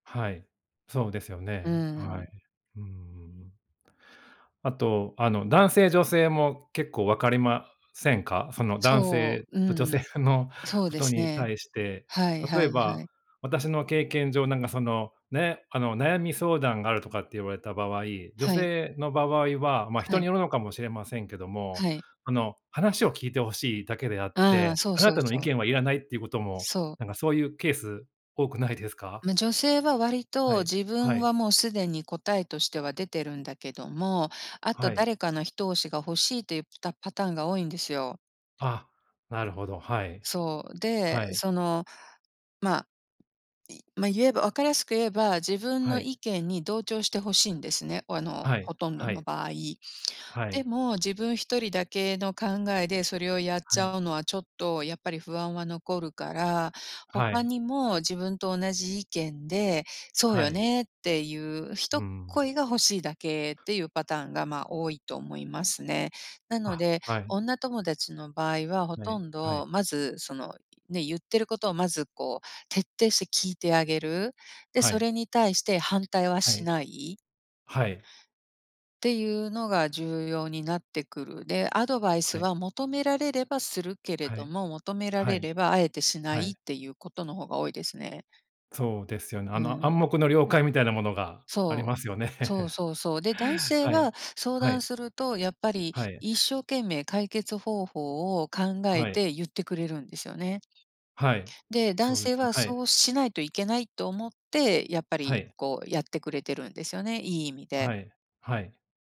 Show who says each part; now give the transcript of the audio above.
Speaker 1: はい、そうですよ
Speaker 2: うー
Speaker 1: ね。はい。
Speaker 2: ん。
Speaker 1: うんうんうんうん。あと、あの、男性女性も結構わかりませんか？その男
Speaker 2: そ
Speaker 1: 性
Speaker 2: う、
Speaker 1: と女
Speaker 2: うん、
Speaker 1: 性の
Speaker 2: そう
Speaker 1: こ
Speaker 2: で
Speaker 1: と
Speaker 2: す
Speaker 1: に
Speaker 2: ね。
Speaker 1: 対して。
Speaker 2: はいは
Speaker 1: 例え
Speaker 2: いは
Speaker 1: ば
Speaker 2: い。
Speaker 1: 私の経験上なんかそのね、あの、悩み相談があるとかって言われた場合女
Speaker 2: はい。
Speaker 1: 性の場合は、ま、
Speaker 2: は
Speaker 1: 人に
Speaker 2: い。
Speaker 1: よるのかもしれませんけども、
Speaker 2: はい。
Speaker 1: あの、話を聞いて欲しいだけであっ
Speaker 2: ああ、
Speaker 1: て
Speaker 2: そう
Speaker 1: あな
Speaker 2: そう
Speaker 1: たの意
Speaker 2: そう。
Speaker 1: 見はいらないってことも
Speaker 2: そう。
Speaker 1: なんかそういうケース多くないですか？
Speaker 2: ま、女性は割
Speaker 1: は
Speaker 2: と
Speaker 1: い、
Speaker 2: 自
Speaker 1: は
Speaker 2: 分
Speaker 1: い。
Speaker 2: はもうすでに答えとしては出てるんだけども、あと
Speaker 1: はい。
Speaker 2: 誰かの一押しが欲しいといったパターンが多いんですよ。
Speaker 1: あ、なるほど。はい、
Speaker 2: そう、
Speaker 1: は
Speaker 2: で、
Speaker 1: い。
Speaker 2: その、ま、いま、言えば分かりやすく言えば、自分
Speaker 1: は
Speaker 2: の
Speaker 1: い。
Speaker 2: 意見に同調して欲しいんですね、あの、
Speaker 1: はい、
Speaker 2: ほとんど
Speaker 1: は
Speaker 2: の
Speaker 1: い。
Speaker 2: 場合。
Speaker 1: はい。
Speaker 2: でも、自分1人だけの考えでそれをやっ
Speaker 1: は
Speaker 2: ち
Speaker 1: い。
Speaker 2: ゃうのは、ちょっとやっぱり不安は残るから、
Speaker 1: は
Speaker 2: 他
Speaker 1: い。
Speaker 2: にも自分と同じ意見で「そう
Speaker 1: は
Speaker 2: よ
Speaker 1: い。
Speaker 2: ね」ってゆう
Speaker 1: うー
Speaker 2: 一
Speaker 1: ん。
Speaker 2: 声が欲しいだけっていうパターンが、ま、多いと思いますね。なの
Speaker 1: あ、
Speaker 2: で
Speaker 1: はい。
Speaker 2: 女友達の場合はほ
Speaker 1: はい
Speaker 2: とん
Speaker 1: は
Speaker 2: ど
Speaker 1: い。
Speaker 2: まずそのね、言ってることをまず、こう、徹底して聞いてあげる。で、
Speaker 1: は
Speaker 2: そ
Speaker 1: い。
Speaker 2: れに対して反対は
Speaker 1: は
Speaker 2: し
Speaker 1: い。
Speaker 2: ない
Speaker 1: はい。
Speaker 2: ていうのが重要になってくる。で、アドバイス
Speaker 1: はい。
Speaker 2: は求められればするけれ
Speaker 1: は
Speaker 2: ど
Speaker 1: い、
Speaker 2: も、求めら
Speaker 1: は
Speaker 2: れ
Speaker 1: い、
Speaker 2: れば敢えてしな
Speaker 1: は
Speaker 2: い
Speaker 1: い。
Speaker 2: っていうことの方が多いですね。
Speaker 1: そうですよね。あ
Speaker 2: う
Speaker 1: の、
Speaker 2: ん。
Speaker 1: 暗黙の了解みたいなものがあり
Speaker 2: そう、
Speaker 1: ますよね。
Speaker 2: そう そうそう。で、男性
Speaker 1: はい、
Speaker 2: は相
Speaker 1: は
Speaker 2: 談
Speaker 1: い。
Speaker 2: するとやっぱり
Speaker 1: はい。
Speaker 2: 一生懸命解決方法を考え
Speaker 1: はい。
Speaker 2: て言ってくれるんですよね。
Speaker 1: はい、
Speaker 2: で、男
Speaker 1: そうで
Speaker 2: 性
Speaker 1: すね
Speaker 2: は
Speaker 1: はい。
Speaker 2: そうしないといけないと思ってやっぱ
Speaker 1: は
Speaker 2: り、
Speaker 1: い。
Speaker 2: こう、やってくれてるんですよねいい意味で。
Speaker 1: はい、はい。